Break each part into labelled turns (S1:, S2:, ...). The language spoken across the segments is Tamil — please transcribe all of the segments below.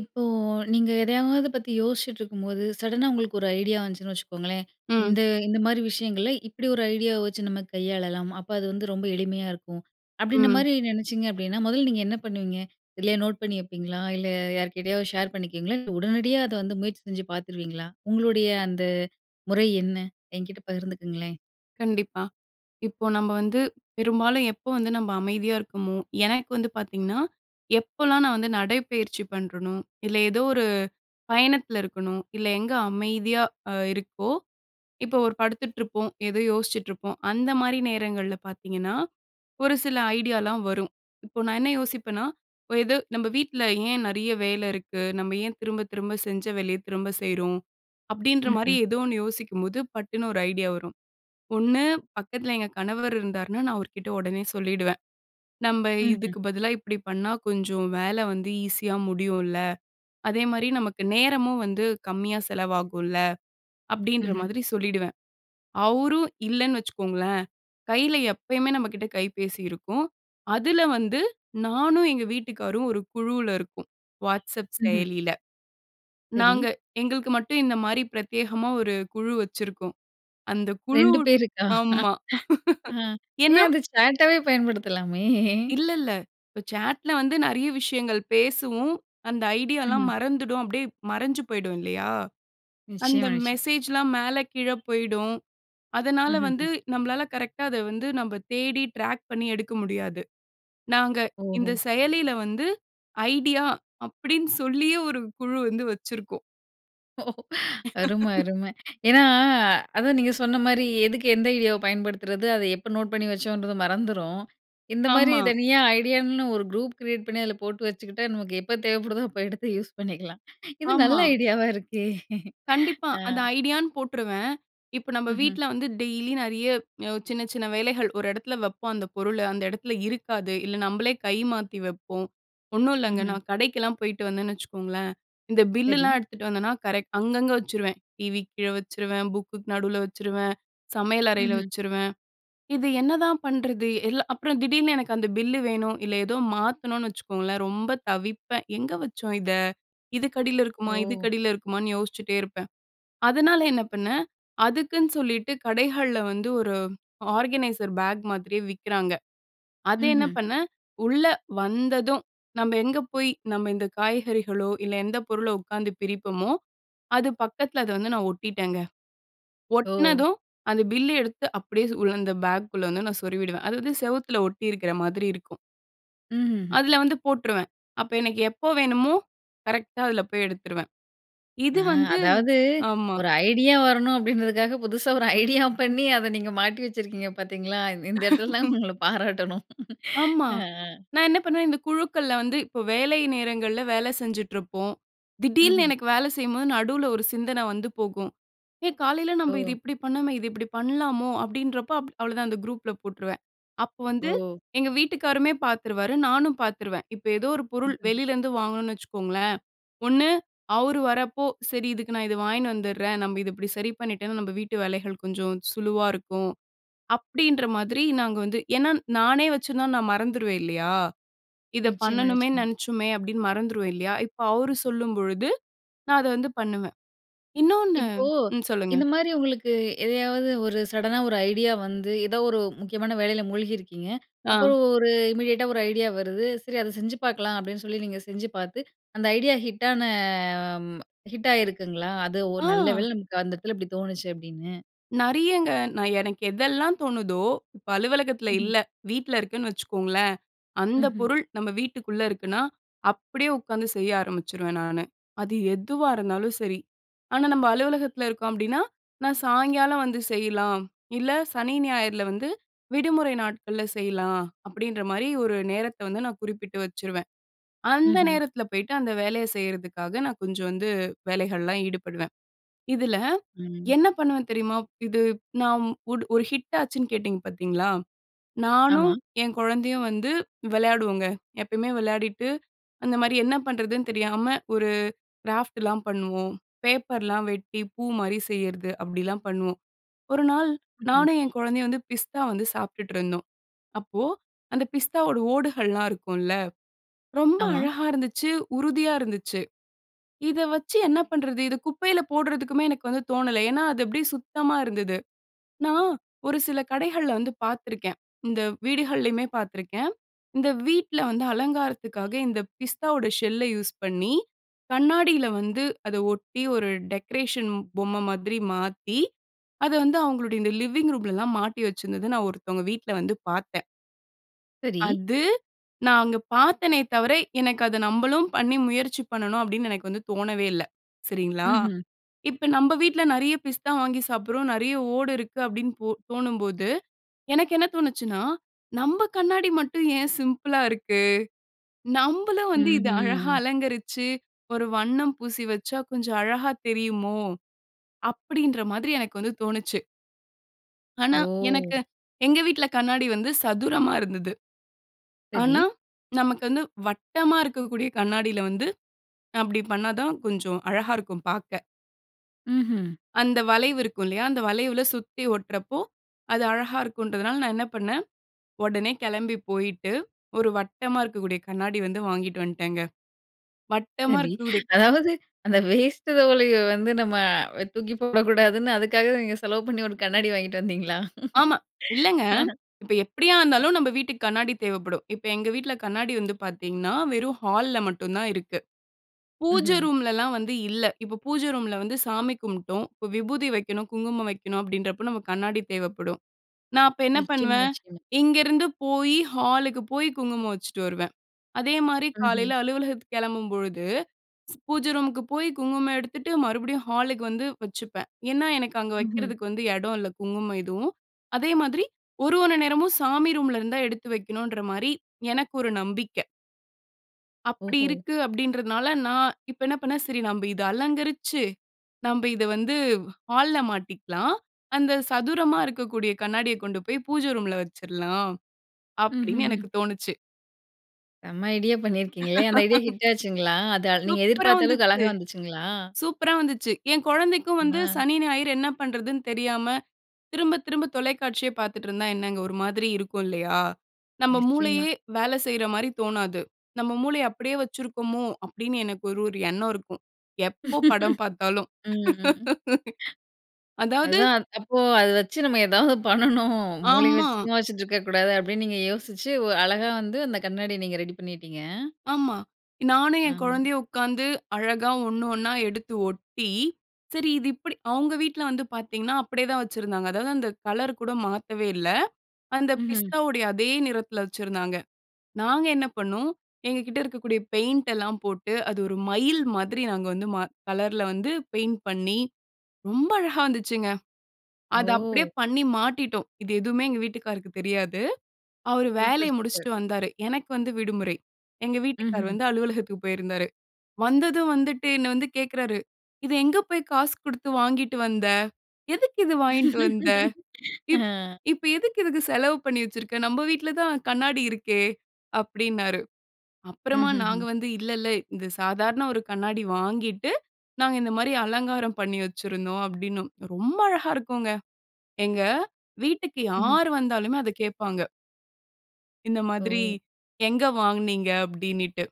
S1: இப்போ நீங்க எதையாவது பத்தி யோசிச்சிட்ருக்கும்போது, சடனா உங்களுக்கு ஒரு ஐடியா வந்துச்சுன்னு வச்சுக்கோங்களேன்,
S2: ம்.
S1: "இந்த இந்தமாரி விஷயங்கள இப்படி ஒரு ஐடியாவ வச்சு நம்ம கையாளலாம். அப்ப அது வந்து ரொம்ப எளிமையா இருக்கும்."
S2: ம்.
S1: அப்படின்றமாரி நினைச்சிங்க அப்படின்னா, முதல்ல நீங்க என்ன பண்ணுவீங்க? எதுலேயோ நோட் பண்ணி வப்பீங்களா? இல்ல யார்க்கிட்டயாவது ஷேர் பண்ணிக்குவீங்களா? இல்ல உடனடியா அத வந்து முயற்சி செஞ்சு பார்த்துருவீங்களா? உங்களுடைய அந்த முறை என்ன? என்கிட்ட பகிர்ந்துக்கங்களேன்!
S2: கண்டிப்பா. இப்போ நம்ம வந்து பெரும்பாலும் எப்போ வந்து நம்ப அமைதியா இருக்கமோ, எனக்கு வந்து பாத்தீங்கன்னா, எப்பலாம் நான் வந்து நடைப்பயிற்சி பண்றனோ. இல்ல எதோ ஒரு பயணத்தில இருக்கனோ, இல்ல எங்க அமைதியா அ இருக்கோ, இப்போ ஒரு படுத்துட்ருப்போம், எதோ யோசிச்சுட்ருப்போம். அந்தமாரி நேரங்கள்ல பார்த்தீங்கன்னா, ஒரு சில ஐடியாலாம் வரும். இப்போ நான் என்ன யோசிப்பன்னா, "இப்ப எது நம்ம வீட்டில ஏன் நிறைய வேலை இருக்கு. நம்ம ஏன் திரும்ப, திரும்ப செஞ்ச வேலையத் திரும்ப செய்றோம்."
S1: ம்,
S2: அப்படின்றமாரி
S1: ம்.
S2: எதோ ஒண்ணு யோசிக்கும்போது பட்டுன்னு ஒரு ஐடியா வரும். ஒண்ணு பக்கத்தில எங்க கணவர் இருந்தாருன்னா, நான் அவர்க்கிட்ட உடனே சொல்லிடுவேன். "நம்ப
S1: ம், ம்.
S2: இதுக்கு பதிலா இப்பிடி பண்ணா கொஞ்சம் வேலை வந்து ஈஸியாக முடியும்ல. அதேமாரி நமக்கு நேரமும் வந்து கம்மியாக செலவாகும்ல!" அப்பிடின்ற
S1: ம்ஹ்ம்.
S2: மாதிரி சொல்லிவிடுவேன். அவரும் இல்லேன்னு வச்சுக்கோங்களேன், கையில எப்பயுமே நம்மக்கிட்ட கைபேசி இருக்கும். அதில வந்து நானும் எங்க வீட்டுக்காரரும் ஒரு குழுல இருக்கோம். வாட்ஸ்அப்
S1: ம்ஹ்ம்.
S2: செயலில.
S1: சரி.
S2: நாங்க எங்களுக்கு மட்டும் இந்தமாரி பிரத்யேகமாக ஒரு குழு வச்சிருக்கோம். அந்த
S1: 2
S2: குழுட்
S1: பேருக்கா?
S2: ஆமா.
S1: அ. ஏன்
S2: ஏன்னா
S1: அத சாட்டாவே பயன்படுத்தலாமே!
S2: இல்ல, இல்ல. இப்ப சாட்ல்ல வந்து நிறைய விஷயங்கள் பேசுவோம். அந்த ஐடியாலாம்
S1: ம்.
S2: மறந்துடும் அப்பிடியே மறைஞ்சு போயிடும் இல்லயா! அந்த
S1: நிச்சயமா, நிச்ச
S2: மெசேஜ்லாம் மேல கீழ போயிடும். அதனால வந்து
S1: ம்ஹ்ம்.
S2: நம்மளால கரெக்ட்‌டாக அத வந்து நம்ம தேடி ட்ராக் பண்ணி எடுக்க முடியாது. நாங்க இந்த
S1: ஓஹோ!
S2: செயலில வந்து ஐடியா அப்பிடின்னு சொல்லியே ஒரு குழு வந்து வச்சிருக்கோம்.
S1: ஓ! அருமை, அருமை ஏன்னா, அதான் நீங்க சொன்ன மாரி, எதுக்கு எந்த ஐடியாவை பயன்படுத்துறது, அதை எப்போ நோட் பண்ணி வச்சோன்றது மறந்துரும். இந்த மாதிரி,
S2: ஆமா.
S1: தனியா ஐடியான்னு ஒரு குரூப் கிரியேட் பண்ணி, அதில போட்டு வச்சுக்கிட்டா, நமக்கு எப்போ தேவைப்படுதோ, அப்ப எடுத்து யூஸ் பண்ணிக்கலாம். இது நல்ல
S2: ஆமா.
S1: ஐடியாவா இருக்கே!
S2: கண்டிப்பா.
S1: அ.
S2: அந்த ஐடியான்னு போட்டுருவேன். இப்ப, நம்ம
S1: ம்ஹ்ம்.
S2: வீட்ல வந்து டெய்லி நெறைய யோ சின்ன சின்ன வேலைகள், ஒரு எடத்தில வைப்போம். அந்த பொருளை, அந்த எடத்தில இருக்காது. இல்ல, நம்பளே கை மாத்தி வைப்போம். ஒண்ணும் இல்லங்க.
S1: ம்ஹ்ம்.
S2: நான் கடைக்கெல்லாம் போய்ட்டு வந்தேன்னு வச்சுக்கோங்களேன், இந்த
S1: சரி.
S2: பில்லுலாம் எடுத்துட்டு வந்தேன்னா கரெக்ட் அங்கங்க வச்சுருவேன். டிவிக்கு கீழே வச்சுருவேன், புக்குக்கு நடுவுல வச்சுருவேன், சமையல் அறையில
S1: ம்ஹ்ம்.
S2: வச்சுருவேன். "இது என்னதான் பண்ணுறது?" எல்லா அப்புறம் திடீர்னு எனக்கு அந்த பில்லு வேணும், இல்ல ஏதோ மாத்தணும்னு வச்சுக்கோங்களேன் ரொம்ப தவிப்பேன். எங்க வச்சோம் இத? இதுக்கடியில இருக்குமா,
S1: ஓ!
S2: இதுக்கடியில இருக்குமான்னு யோசிச்சிட்டே இருப்பேன். அதனால என்ன பண்ணேன், அதுக்குன்னு சொல்லிவிட்டு கடைகள்ல வந்து ஒரு ஆர்கனைசர் பேக் மாதிரியே விக்கிறாங்க. அதை என்ன
S1: ம்ஹ்ம்.
S2: பண்ணேன், உள்ள வந்ததும் நம்ம எங்கே போய் நம்ம இந்த காய்கறிகளோ, இல்ல எந்த பொருளோ உட்காந்து பிரிப்பமோ, அது பக்கத்தில அத வந்து நான் ஒட்டிட்டேங்க.
S1: ஓ!
S2: ஒட்டினதும், அந்த பில் எடுத்து அப்படியே சு உள்ள அந்த பேக்குள்ள வந்து நான் சொருவிடுவேன். அது வந்து, செவத்துல ஒட்டியிருக்கிற மாதிரி இருக்கும்.
S1: ம். ம்ஹ்ம்.
S2: அதில வந்து போட்டுருவேன். அப்ப எனக்கு எப்போ வேணுமோ, கரெக்டா அதில போய் எடுத்துருவேன்.
S1: அ.
S2: இது வந்து
S1: அதாவது
S2: ஆமா.
S1: ஒரு ஐடியா வரணும் அப்படின்றதுக்காக புதுசா ஒரு ஐடியா பண்ணி அத நீங்க மாட்டி வச்சிருக்கீங்க பாத்தீங்களா, இந் இந்த இடத்துல தான் உங்களை பாராட்டணும்.
S2: ஆமா.
S1: அ. ஆ.
S2: நான் என்ன பண்ணுவேன் இந்த குழுக்கள்ல வந்து இப்போ வேலை நேரங்கள்ல வேலை செஞ்சுட்ருப்போம்.
S1: ம்ஹ்ம்.
S2: திடீல்னு எனக்கு வேலை செய்யும்போது, நடுவுல ஒரு சிந்தனை வந்து போகும். ஏ காலையில நம்ம இது
S1: ஓ!
S2: இப்படி பண்ணோமே, இது இப்படி பண்ணலாமோ அப்படின்றப்ப அவ்வளோதான். அந்த குரூப்புல போட்டுருவேன். அப்போ வந்து
S1: ஓ!
S2: எங்க வீட்டுக்காரருமே பாத்துருவாரு, நானும் பாத்துருவேன். இப்ப ஏதோ ஒரு பொருள் வெளிலேருந்து வாங்கணும்னு வச்சுக்கோங்களேன். ஒண்ணு அவர் வரப்போ, "சரி, இதுக்கு நான் இதை வாங்கினு வந்துர்றேன். நம்ப இத இப்டி சரி பண்ணிட்டோன்னா நம்ம வீட்டு வேலைகள் கொஞ்சம் சுலுவா இருக்கும்" அப்படின்ற மாதிரி நாங்க வந்து ஏன்னா நானே வச்சிருந்தா நான் மறந்துருவேன் இல்லையா, இதை
S1: நிச்சயமா,
S2: பண்ணணுமேன்னு
S1: நிச்சயமா.
S2: நினைச்சோமே அப்படின்னு மறந்துருவேன் இல்லையா! இப்போ அவரு சொல்லும்பொழுது நான் அத வந்து பண்ணுவேன். இன்னொண்ணு
S1: இப்போ
S2: ம். சொல்லுங்க.
S1: இந்த மாதிரி உங்களுக்கு எதையாவது ஒரு சடனா ஒரு ஐடியா வந்து, ஏதோ ஒரு முக்கியமான வேலையில மூழ்கியிருக்கீங்க.
S2: அ.
S1: அப்புறம் ஒரு இமீடியேட்டா ஒரு ஐடியா வருது, "சரி அதை செஞ்சு பார்க்கலாம்" அப்படின்னு சொல்லி நீங்க செஞ்சு பார்த்து. அந்த ஐடியா ஹிட்டான ம். ஹிட் ஆயிருக்குங்களா? அது ஒரு, "நல்ல
S2: ஆ.
S1: வேளை நமக்கு அந்த இடத்தில இப்படி தோணுச்சு" அப்படின்னு.
S2: நெறையங்க. நான் எனக்கு எதெல்லாம் தோணுதோ, இப்ப அலுவலகத்தில
S1: ம்ஹ்ம்.
S2: இல்ல, வீட்ல இருக்கேன்னு வச்சுக்கோங்களேன். அந்தப்
S1: ம்ஹ்ம்.
S2: பொருள் நம்ம வீட்டுக்குள்ள இருக்குனா, அப்பிடியே உட்காந்து செய்ய ஆரம்பிச்சுருவேன் நானு. அது எதுவா இருந்தாலும் சரி. ஆனா நம்ம அலுவலகத்தில இருக்கோம் அப்பிடின்னா, "நான் சாயங்காலம் வந்து செய்யலாம். இல்ல, சனி, ஞாயிறுல வந்து, விடுமுறை நாட்கள்ல செய்யலாம்." அப்பிடின்றமாரி ஒரு நேரத்த வந்து நான் குறிப்பிட்டு வச்சுருவேன். அந்த
S1: ம்ஹ்ம்.
S2: நேரத்தில போய்ட்டு அந்த வேலைய செய்யிறதுக்காக, நான் கொஞ்சம் வந்து வேலைகள்லாம் ஈடுபடுவேன். இதுல,
S1: ம்.
S2: என்ன பண்ணுவேன் தெரியுமா? ப் இது நாம் ஒரு ஒரு ஹிட் ஆச்சுன்னு கேட்டீங்க பாத்தீங்களா, நானும்
S1: ஆமா.
S2: என் கொழந்தையும் வந்து, வெளையாடுவோங்க. எப்பயுமே விளையாடிட்டு, அந்தமாரி, என்ன பண்ணுறதுன்னு தெரியாம ஒரு கிராஃப்ட்லாம் பண்ணுவோம். பேப்பர்லாம் வெட்டி பூமாரி செய்யறது, அப்படிலாம் பண்ணுவோம். ஒரு நாள்
S1: ம், ம்.
S2: நானும், என் கொழந்தையும் வந்து பிஸ்தா வந்து சாப்பிட்டுட்டு இருந்தோம். அப்போ, அந்த பிஸ்தாவோட ஓடுகள்லாம் இருக்கும்ல, ரொம்ப
S1: ஆமா.
S2: அழகாக இருந்துச்சு, உறுதியா இருந்துச்சு. இத வச்சு என்ன பண்றது? இத குப்பையில போடுறதுக்குமே எனக்கு வந்து தோணல. ஏன்னா, அது அப்படியே சுத்தமா இருந்தது. நான், ஒரு சில கடைகள்ல வந்து பாத்துருக்கேன். இந்த வீடுகள்லயுமே பாத்துருக்கேன். இந்த வீட்ல வந்து, அலங்காரத்துக்காக இந்த பிஸ்தாவோட ஷெல்ல யூஸ் பண்ணி, கண்ணாடியில வந்து அத ஒட்டி ஒரு டெக்கரேஷன் பொம்ம மாதிரி மாத்தி, அத வந்து அவுங்களுடைய இந்த லிவிங் ரூம்லலாம் மாட்டி வச்சிருந்தத நான் ஒருத்தவங்க வீட்ல வந்து பாத்தேன்.
S1: சரி.
S2: அது, நான் அங்க பாத்தேனே தவிர, எனக்கு அத நம்பளும் பண்ணி முயற்சி பண்ணணும் அப்டின்னு எனக்கு வந்து தோணவே இல்ல, சரிங்களா!
S1: ம்ஹ்ம்.
S2: இப்ப நம்ப வீட்ல நிறைய பிஸ்தா வாங்கி சாப்பிட்றோம், நிறைய ஓடு இருக்கு அப்பிடின்னு போ தோணும்போது, எனக்கு என்ன தோணுச்சுன்னா, "நம்ப கண்ணாடி மட்டும் ஏன் சிம்பிளா இருக்கு? நம்பளும் வந்து இத அழகா
S1: ம்ஹ்ம்.
S2: அலங்கரிச்சு, ஒரு வண்ணம் பூசி வச்சா கொஞ்சம் அழகாக தெரியுமோ" அப்பிடின்ற மாதிரி எனக்கு வந்து தோணுச்சு. ஆனா,
S1: ஓ!
S2: எனக்கு எங்க வீட்ல கண்ணாடி வந்து சதுரமா இருந்தது.
S1: சரி.
S2: ஆனா, நமக்கு வந்து வட்டமா இருக்கக்கூடிய கண்ணாடில வந்து, நான் அப்பிடி பண்ணாதான் கொஞ்சம் அழகாக இருக்கும் பாக்க.
S1: ம்ஹ்ம்.
S2: அந்த வளைவு இருக்கும் இல்லயா? அந்த வளைவுல சுத்தி ஒட்டுறப்போ, அது அழகாக இருக்கும்ன்றதனால நான் என்ன பண்ணேன், உடனே கிளம்பி போயிட்டு ஒரு வட்டமா இருக்கக்கூடிய கண்ணாடி வந்து வாங்கிட்டு வந்துட்டேன்ங்க. வட்டமா
S1: சரி.
S2: இருக்க கூடிய
S1: அதாவது அந்த வேஸ்ட் துவலைய வந்து நம்ம வ தூக்கி போடக்கூடாதுன்னு அதுக்காகவே நீங்க செலவு பண்ணி ஒரு கண்ணாடி வாங்கிட்டு வந்தீங்களா?
S2: ஆமா. இல்லங்க,
S1: அ.
S2: இப்ப எப்படியா இருந்தாலும் நம்ம வீட்டுக்கு கண்ணாடி தேவைப்படும். இப்ப எங்க வீட்ல கண்ணாடி வந்து பாத்தீங்கன்னா, வெறும் ஹால்‌ல மட்டுந்தான் இருக்கு. பூஜை
S1: ம்ஹ்ம்.
S2: ரூம்லலாம் வந்து இல்ல. இப்ப பூஜை ரூம்ல வந்து சாமி கும்பிட்டோம். இப்ப விபூதி வைக்கணும், குங்குமம் வைக்கணும் அப்பிடின்றப்போ நமக்கு கண்ணாடி தேவைப்படும். நான் அப்ப என்ன
S1: நிச்சயமா,
S2: பண்ணுவேன்?
S1: நிச்சயமா.
S2: இங்க இருந்து போய் ஹாலுக்கு போய் குங்குமம் வச்சுட்டு வருவேன். அதேமாரி
S1: ம்ஹ்ம்.
S2: காலையில அலுவலகத்துக்கு கிளம்பும்பொழுது, பூஜை ரூமுக்கு போய் குங்குமம் எடுத்துட்டு, மறுபடியும் ஹாலுக்கு வந்து வச்சுப்பேன். ஏன்னா, எனக்கு அங்க
S1: ம்ஹ்ம்.
S2: வைக்கிறதுக்கு வந்து எடோ இல்ல குங்குமம் எதுவும். அதேமாதிரி ஒரு ஒரு நேரமும் சாமி ரூம்ல இருந்துதான் எடுத்து வைக்கணுன்றமாரி, எனக்கு ஒரு நம்பிக்க. அப்படி
S1: ஓஹோ!
S2: இருக்கு, அப்படின்றதனால நான் இப்ப என்ன பண்ணேன், "சரி நம்ப இத அலங்கரிச்சு, நம்ப இத வந்து ஹால்‌ல மாட்டிக்கலாம். அந்த சதுரமா இருக்கக்கூடிய கண்ணாடியை கொண்டு போய், பூஜை ரூம்‌ல வச்சிறலாம்."
S1: ம்ஹ்ம்
S2: அப்படின்னு,
S1: ம்.
S2: எனக்குத் தோணுச்சு.
S1: செம ஐடியா பண்ணியிருக்கீங்களே! அந்த ஐடியா ஹிட் ஆச்சுங்களா? அத நீங்க
S2: சூப்பரா
S1: எதிர்பார்த்த அளவுக்கு,
S2: வந்துச்சு!
S1: அழகா வந்துச்சுங்களா?
S2: சூப்பரா வந்துச்சு! என் குழந்தைக்கும் வந்து
S1: ம
S2: சனி, ஞாயிறு என்ன பண்றதுன்னு தெரியாம திரும்ப திரும்ப தொலைக்காட்சியே பாத்துட்டு இருந்தா என்னங்க, ஒரு மாதிரி இருக்கும் இல்லையா? நம்ம
S1: நிச்சயமா.
S2: மூளையே, வேல செய்ற மாரி தோணாது. "நம்ம மூளைய அப்படியே வச்சிருக்கோமோ?" அப்படின்னு, எனக்கு ஒரு ஒரு எண்ணம் இருக்கும், எப்போ படம் பார்த்தாலும்.
S1: ம், ம்.
S2: அதாவது
S1: அதான் அப்போ, அத வச்சு நம்ம எதாவது பண்ணணும். மூளைய
S2: ஆமா.
S1: வச்சு, சும்மா வச்சிட்ருக்கக்கூடாது அப்படின்னு நீங்க யோசிச்சு, வ் அழகா வந்து அந்த கண்ணாடிய நீங்க ரெடி பண்ணிட்டீங்க!
S2: ஆமா. நானும் என்
S1: ஆஹ்.
S2: குழந்தையும் உக்காந்து அழகா 1, 1 எடுத்து ஒட்டி, சரி இது இப்படி அவங்க வீட்ல வந்து பாத்தீங்கன்னா, அப்படியே தான் வச்சிருந்தாங்க. அதாவது, அந்த கலர் கூட மாத்தவே இல்ல. அந்த
S1: ம்ஹ்ம்.
S2: பிஸ்தாவுடைய, அதே நிறத்தில வச்சிருந்தாங்க. நாங்க என்ன பண்ணோம், எங்ககிட்ட இருக்கக்கூடிய பெயிண்ட் எல்லாம் போட்டு, அது ஒரு மயில் மாதிரி நாங்க வந்து ம கலர்ல வந்து பெயிண்ட் பண்ணி, ரொம்ப அழகா வந்துச்சுங்க. அத அப்படியே
S1: ஓ!
S2: பண்ணி மாட்டிட்டோம். இது எதுவுமே எங்க வீட்டுக்காருக்கு தெரியாது. அவரு வேலைய
S1: சூப்பர், சூப்பர்.
S2: முடிச்சுட்டு வந்தாரு. எனக்கு வந்து விடுமுறை. எங்க வீட்டுக்காரு
S1: ம்ஹ்ம்.
S2: வந்து, அலுவலகத்துக்கு போயிருந்தாரு. வந்ததும், வந்துட்டு என்னை வந்து கேக்குறாரு, "இத எங்க போயி காசு குடுத்து வாங்கிட்டு வந்த? எதுக்கு இது வாங்கிட்டு வந்த? இப்
S1: ஆ.
S2: இப்ப எதுக்கு இதுக்கு செலவு பண்ணி வச்சிருக்க. நம்ப வீட்டில தான் கண்ணாடி இருக்கே?" அப்படின்னாரு.
S1: ம்,
S2: அப்புறமா நாங்க
S1: ம்ஹ்ம்.
S2: வந்து, "இல்ல இல்ல, இந்த சாதாரண ஒரு கண்ணாடி வாங்கிட்டு, நாங்க இந்த மாதிரி அலங்காரம் பண்ணி வச்சிருந்தோம்." அப்படின்னோம். ரொம்ப அழகா இருக்குங்க. எங்க வீட்டுக்கு,
S1: ம்ஹ்ம்.
S2: யார் வந்தாலுமே, அத கேப்பாங்க. இந்த மாதிரி,
S1: ஓ!
S2: எங்க வாங்குனீங்க? அப்படினிட்டு,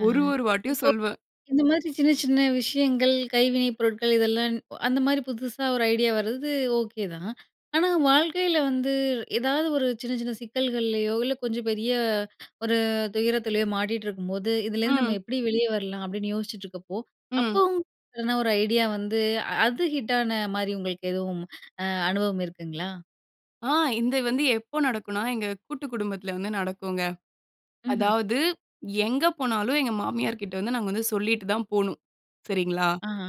S1: அ,
S2: ஒரு ஒரு வாட்டியும்
S1: இப்போ
S2: சொல்வ
S1: இந்த மாதிரி சின்ன சின்ன விஷயங்கள், கைவினைப் பொருட்கள். இதெல்லாம் ன் அந்த மாதிரி புதுசா ஒரு ஐடியா வரது ஓகே தான். ஆனா வாழ்க்கையில வந்து ஏதாவது ஒரு சின்ன சின்ன சிக்கல்கள்லையோ, இல்லை கொஞ்சம் பெரிய ஒரு துயரத்திலயோ மாட்டிட்டு இருக்கும்போது, "இதுலேருந்து நம்ம
S2: ம்.
S1: எப்படி வெளியே வரலாம்?" அப்படின்னு யோசிச்சிட்டு இருக்கப்போ,
S2: ம்.
S1: அப்போவும் இல்லனா, ஒரு ஐடியா வந்து அ அது ஹிட்டான மாதிரி உங்களுக்கு எதுவும் அ அனுபவம் இருக்குங்களா?
S2: ஆ, இது வந்து எப்போ நடக்கும்னா? எங்க கூட்டு குடும்பத்தில வந்து நடக்குங்க.
S1: ம்ஹ்ம்.
S2: அதாவது, எங்க போனாலும் எங்க மாமியார்க்கிட்ட வந்து, நாங்க வந்து சொல்லிட்டு தான் போணும். சரிங்களா?
S1: அஹ,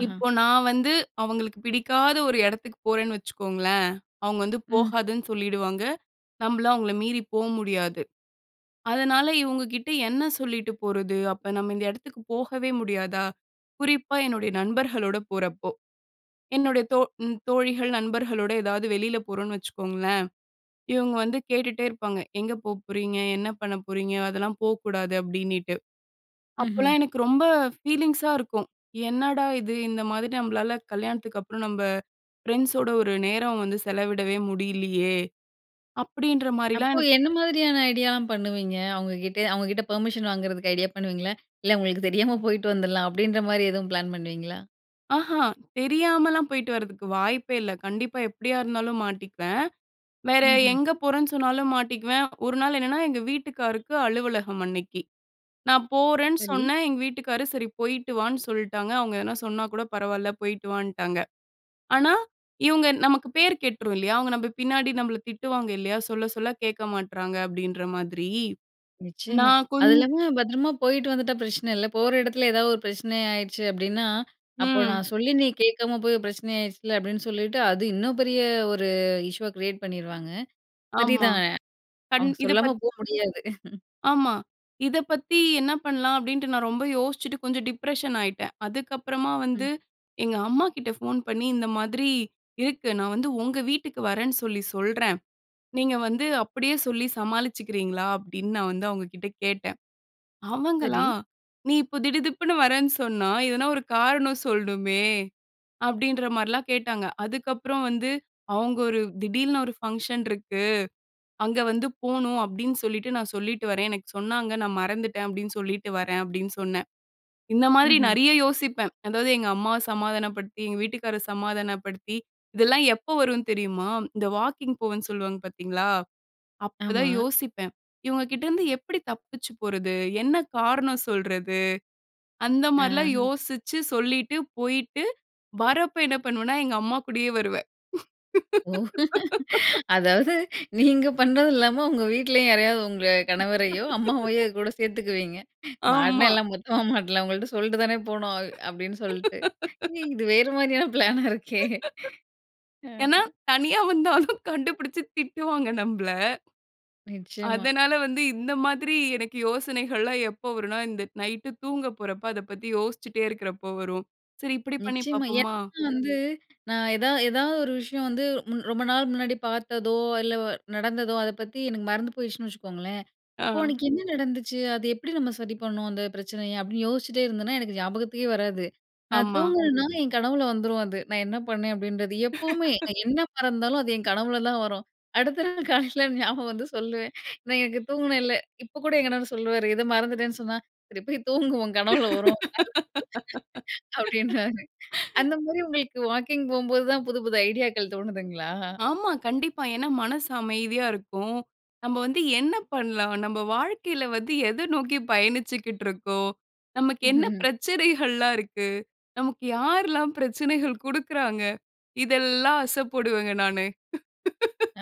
S1: அஹ.
S2: இப்போ நான் வந்து அவங்களுக்கு, பிடிக்காத ஒரு எடத்துக்கு போறேன்னு வச்சுக்கோங்களேன். அவங்க வந்து,
S1: ம்.
S2: "போகாதன்னு சொல்லிடுவாங்க." நம்பளும் அவங்கள மீறி போக முடியாது. அதனால இவங்க கிட்ட, "என்ன சொல்லிட்டு போறது? அப்போ நம்ம இந்த இடத்துக்கு போகவே முடியாதா?" குறிப்பா, என்னுடைய நண்பர்களோட போறப்போ. என்னுடைய தோ ம் தோழிகள், நண்பர்களோட ஏதாவது வெளியில போறோம்ன்னு வச்சுக்கோங்களேன், இவங்க வந்து, கேட்டுட்டே இருப்பாங்க. "எங்க போ போறீங்க? என்ன பண்ண போறீங்க? அதெல்லாம் போக்கூடாது." அப்டினிட்டு.
S1: ம்ஹ்ம்.
S2: அப்போலாம், எனக்கு ரொம்ப ஃபீலிங்ஸா இருக்கும். "என்னடா இது! இந்த மாதிரி நம்மளால கல்யாணத்துக்கு அப்புறம் நம்ப ஃப்ரெண்ட்ஸோட, ஒரு நேரம் வந்து செலவிடவே முடிலியே" அப்படின்ற மாரிலாம்
S1: அப்போ,
S2: எனக்கு
S1: என்ன மாதிரியான ஐடியாலாம் பண்ணுவீங்க? அவங்ககிட்டே அவங்ககிட்ட பெர்மிஷன் வாங்குறதுக்கு ஐடியா பண்ணுவீங்களா? இல்ல, அவங்களுக்கு தெரியாம போயிட்டு வந்துடலாம். அப்படின்ற மாதிரி, எதுவும் பிளான் பண்ணுவீங்களா?
S2: ஆஹா. தெரியாமலாம் போய்ட்டு வரதுக்கு வாய்ப்பே இல்ல. கண்டிப்பா. எப்டியா இருந்தாலும் மாட்டிக்குவேன். வேற
S1: ம்ஹ்ம்.
S2: எங்க போறேன்னு சொன்னாலும் மாட்டிக்குவேன். ஒரு நாள் என்னன்னா, எங்க வீட்டுக்காருக்கு அலுவலகம் அன்னைக்கி. நான் போறேன்னு
S1: சரி.
S2: சொன்னேன். எங்க வீட்டுக்காரு, சரி போயிட்டுவான்னு சொல்ட்டாங்க. அவுங்க எதனா சொன்னா கூட பரவால்ல, போய்ட்டு வான்ட்டாங்க. ஆனா, இவங்க நமக்கு பேர் கெட்டுரும் இல்லையா? அவங்க நம்ப பின்னாடி நம்மள திட்டுவாங்க இல்லையா? "சொல்ல, சொல்ல கேட்க மாட்றாங்க" அப்படின்ற மாதிரி.
S1: நிச்சயமா.
S2: நான் கொஞ்
S1: அது இல்லாம பத்திரமா போயிட்டு வந்துட்டா, பிரச்சனை இல்ல. போற இடத்தில ஏதாவது ஒரு பிரச்சனை ஆயிடுச்சு அப்படின்னா, அப்போ
S2: ம்.
S1: "நான் சொல்லி நீ கேக்காம போய், பிரச்சனை ஆயிருச்சுல்ல" அப்படின்னு சொல்லிட்டு, அது இன்னும் பெரிய ஒரு இஷ்யூவ கிரியேட் பண்ணிருவாங்க.
S2: ஆமா.
S1: சரிதான்.
S2: கண்
S1: அவங்க
S2: இது
S1: சொல்லாம
S2: பத்
S1: போ முடியாது.
S2: ஆமா. இத பத்தி என்ன பண்ணலாம், அப்படின்ட்டு நான் ரொம்ப யோசிச்சுட்டு கொஞ்சம் டிப்ரஷன் ஆயிட்டேன். அதுக்கப்புறமா வந்து,
S1: ம்.
S2: எங்க அம்மாகிட்ட ஃபோன் பண்ணி, "இந்த மாதிரி இருக்கு. நான் வந்து உங்க வீட்டுக்கு வரேன்னு சொல்லி சொல்றேன். நீங்க வந்து அப்படியே சொல்லி சமாளிச்சுக்கிறீங்களா?" அப்டின்னு. நான் வந்து அவங்க கிட்ட கேட்டேன்.
S1: சரி.
S2: அவங்களா, "நீ இப்ப திடுதிப்புன்னு வரேன்னு சொன்னா எதனா ஒரு காரணம் சொல்ணுமே" அப்டின்ற மாரிலாம் கேட்டாங்க. அதுக்கப்புறம் வந்து அவங்க ஒரு "திடீல்னு ஒரு ஃபங்க்ஷன் இருக்கு, அங்க வந்து போணும் அப்டின்னு சொல்லிட்டு, நான் சொல்லிட்டு வரேன். எனக்கு சொன்னாங்க, நான் மறந்துட்டேன்." அப்டின்னு சொல்லிட்டு வரேன் அப்டின்னு சொன்னேன். இந்த மாரி
S1: ம்ஹ்ம்.
S2: நிறைய யோசிப்பேன். அதாவது, எங்க அம்மாவ சமாதானப்படுத்தி, எங்க வீட்டுக்கார சமாதானப்படுத்தி, இதெல்லாம் எப்போ வரும் தெரியுமா? இந்த வாக்கிங் போவேன்னு சொல்வாங்க, பார்த்தீங்களா? அப்ப தான்
S1: ஆமா.
S2: யோசிப்பேன், "இவங்க கிட்டேருந்து எப்படி தப்பிச்சு போறது? என்ன காரணம் சொல்றது?" அந்த மாரிலாம்
S1: ஆஹ.
S2: யோசிச்சு சொல்லிட்டு, போய்ட்டு வரப்போ என்ன பண்ணுவேனா, எங்க அம்மா கூடயே வருவேன்.
S1: ஓ! அதாவது நீங்க பண்ணதில்லாம, உங்க வீட்லயும் யாரையாவது உங்க கணவரையோ, அம்மாவையோ கூட சேத்துக்குவீங்க. மாட்னா,
S2: ஆமா.
S1: எல்லாம் மொத்தமா மாட்லாம். "உங்கள்ட்ட சொல்ட்டு தானே போனோம்." அப்டின்னு சொல்ட்டு. இது வேறு மாரியான பிளானா இருக்கே! அ.
S2: ஏன்னா, தனியா வந்தாலும் கண்டுபிடிச்சு, திட்டுவாங்க நம்பள.
S1: நிச்சயமா.
S2: அதனால வந்து இந்த மாதிரி எனக்கு யோசனைகள்லாம் எப்ப வரும்ன்னா, இந்த நைட்டு தூங்க போரப்ப, அத பத்தி யோசிச்சுட்டே இருக்கிறப்ப வரும். "சரி இப்படி பண்ணி
S1: நிச்சயமா.
S2: பாப்போமா?"
S1: ஏன்னா வந்து நான் எதா எதாவது ஒரு விஷயம் வந்து மு ரொம்ப நாள் முன்னாடி பார்த்ததோ, இல்ல வ நடந்ததோ அத பத்தி எனக்கு மறந்து போயிருச்சுன்னு வச்சுக்கோங்களேன். "அப்போ
S2: ஆ.
S1: அன்னைக்கு என்ன நடந்துச்சு? அது எப்படி நம்ம, சரி பண்ணோம் அந்த பிரச்சனைய?," அப்டின்னு யோசிச்சிட்டே இருந்தேன்னா, எனக்கு ஞாபகத்துக்கே வராது. நான்
S2: ஆமா.
S1: தூங்குனேனாலும் என் கனவுல வந்துரும் அது. நான் என்ன பண்ணேன் அப்படின்றது. எப்பவுமே நான் என்ன மறந்தாலும் அது என் கனவுலதான் வரும். அடுத்த நாள் காலைல ஞாபகம் வந்து சொல்லுவேன். "நான் எங்க தூங்கினேன்ல" இப்ப கூட என் கணவரு சொல்லுவாரு. எதோ மறந்துட்டேன்னு சொன்னா, "சரி போய் தூங்கு, உன் கனவுல வரும்." அப்படின்னுவாரு. அந்த மாதிரி, உங்களுக்கு வாக்கிங் போகும்போது தான் புது, புது ஐடியாக்கள் தோணுதுங்களா?
S2: ஆமா. கண்டிப்பா. ஏன்னா மனசு அமைதியா இருக்கும். நம்ம வந்து என்ன பண்லாம்? நம்ப வாழ்க்கைல வந்து எதை நோக்கி பயணிச்சிகிட்ருக்கோம்? நமக்கு என்ன பிரச்சனைகள்லாம் இருக்கு? நமக்கு யார்லாம் பிரச்சனைகள் குடுக்குறாங்க? இதெல்லாம் அசபோடுவேங்க நானு.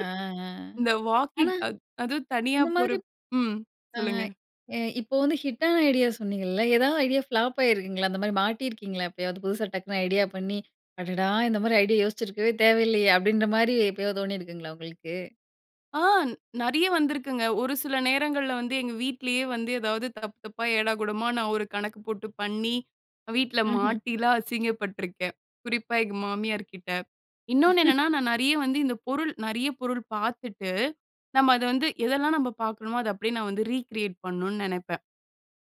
S1: ஆ. அ.
S2: இந்த
S1: ஆனா.
S2: வாக்கிங். அ அது தனியா
S1: இந்த மாதிரிப்
S2: போறப் ம்.
S1: அ,
S2: சொல்லுங்க.
S1: எ இப்போ வந்து ஹிட்டான ஐடியா சொன்னீங்கல்ல, ஏதாவது ஐடியா ஃப்ளாப் ஆயிருக்குங்களா? அந்த மாதிரி மாட்டியிருக்கீங்களா, எப்பயாவது? புதுசா, டக்குனு ஐடியா பண்ணி, "அடடா, இந்த மாரி ஐடியா யோசிச்சிருக்கவே தேவையில்லையே" அப்படின்ற மாரி எப்பயாவது தோனியிருக்குங்களா. உங்களுக்கு?
S2: ஆ. நெறைய வந்திருக்குங்க. ஒரு சில நேரங்கள்ல வந்து, எங்க வீட்டிலேயே வந்து, ஏதாவது தப்பு தப்பா ஏடாகூடமா நான் ஒரு கணக்கு போட்டு பண்ணி, அ வீட்ல
S1: ம்ஹ்ம்.
S2: மாட்டிலாம் அசிங்கப்பட்டுருக்கேன். குறிப்பா எங்க மாமியார்க்கிட்ட. இன்னொன்னு என்னன்னா, நான் நெறைய வந்து இந்த பொருள் நெறைய பொருள் பார்த்துட்டு, நம்ம அத வந்து எதெல்லாம் நம்ப பார்க்கிறமோ அத அப்படியே நான் வந்து ரீகிரியேட் பண்ணுன்னு நெனைப்பேன்.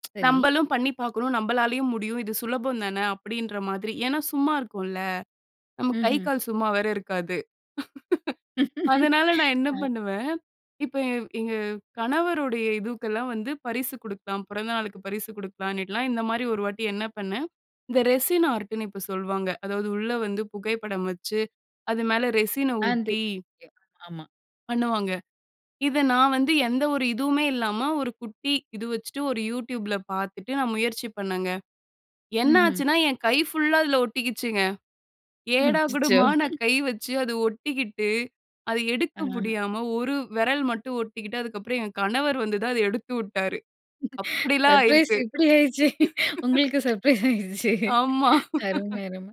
S1: சரி.
S2: "நம்பளும் பண்ணி பார்க்கணும், நம்பளாலயும் முடியும். இது சுலபம் தான!" அப்படின்ற மாதிரி. ஏன்னா சும்மா இருக்கோம்ல. நமக்கு கை,
S1: ம்ஹ்ம்.
S2: கால் சும்மா வேற இருக்காது. அதனால நான் என்ன
S1: அ.
S2: பண்ணுவேன், இப்ப என் எங்க கணவருடைய இதுவுக்கெல்லாம் வந்து பரிசு குடுக்கலாம். பிறந்த நாளுக்கு பரிசு குடுக்கலாம்ன்னிட்டுலாம், இந்த மாரி ஒரு வாட்டி என்ன பண்னேன்? இந்த ரெசின் ஆர்ட் ன்னு இப்ப சொல்வாங்க. அதாவது உள்ள வந்து புகைப்படம் வச்சு அது மேல ரெசின
S1: அந்து
S2: ஊத்தி
S1: எ ஆமா.
S2: பண்ணுவாங்க. இத நான் வந்து எந்த ஒரு இதுவுமே இல்லாம ஒரு குட்டி இது வச்சுட்டு ஒரு YouTubeல பார்த்துட்டு, நான் முயற்சி பண்ணேங்க.
S1: ம்ஹும்.
S2: என்னாச்சுன்னா? என் கை ஃபுல்லா அதில ஒட்டிக்கிச்சுங்க.
S1: ம். அச்சச்சோ!
S2: ஏடாகுடமா நான் கை வச்சு அது ஒட்டிக்கிட்டு அத எடுக்க
S1: அஹ.
S2: முடியாம ஒரு வெரல் மட்டும் ஒட்டிக்கிட்டு, அதுக்கப்பறம் என் கணவர் வந்து தான் அதை எடுத்து உட்டாரு. அப்படிலாம்
S1: சர்ப்ரைஸ்
S2: ஆயிருக்கு.
S1: இப்படி ஆயிடுச்சே! உங்களுக்கு சர்ப்ரைஸ் ஆயிடுச்சே!
S2: ஆமா.
S1: அருமை அரும.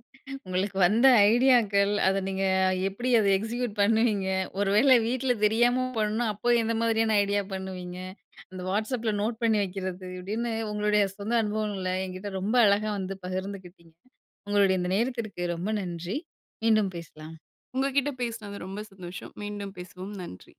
S1: உங்களுக்கு வந்த ஐடியாக்கள், அத நீங்க எப்படி அதை எக்ஸிக்யூட் பண்ணுவீங்க? ஒரு வேள வீட்ல தெரியாம பண்ணா, அப்போ எந்த மாதிரியான ஐடியா பண்ணுவீங்க? அந்த வாட்ஸ் அப்ல நோட் பண்ணி வைக்கிறது. அப்படின்னு உங்களுடைய சொந்த அனுபவங்களை என்கிட்ட ரொம்ப அழகா வந்து பகிர்ந்துக்கிட்டீங்க. உங்களுடைய இந்த நேரத்திற்கு ரொம்ப நன்றி. மீண்டும் பேசலாம்.
S2: உங்ககிட்ட பேசுனது ரொம்ப சந்தோஷம். மீண்டும் பேசுவோம். நன்றி.